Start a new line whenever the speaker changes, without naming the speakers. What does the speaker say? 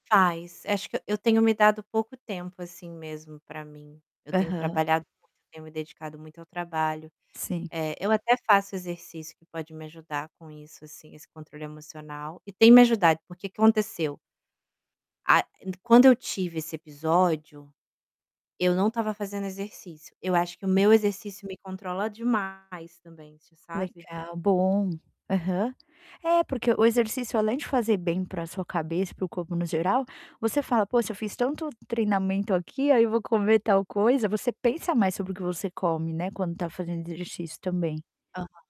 Faz, acho que eu tenho me dado pouco tempo, assim, mesmo para mim, eu tenho
Aham.
trabalhado muito, tenho me dedicado muito ao trabalho.
Sim.
Eh, eu até faço exercício que pode me ajudar com isso, assim, esse controle emocional, e tem me ajudado, por que que aconteceu? A e quando eu tive esse episódio, eu não estava fazendo exercício, eu acho que o meu exercício me controla demais também, assim, sabe?
Legal, bom. Aham. É porque o exercício além de fazer bem para sua cabeça, para o corpo no geral, você fala: "Poxa, eu fiz tanto treinamento aqui, aí vou comer tal coisa", você pensa mais sobre o que você come, né, quando está fazendo exercício também.
Aham.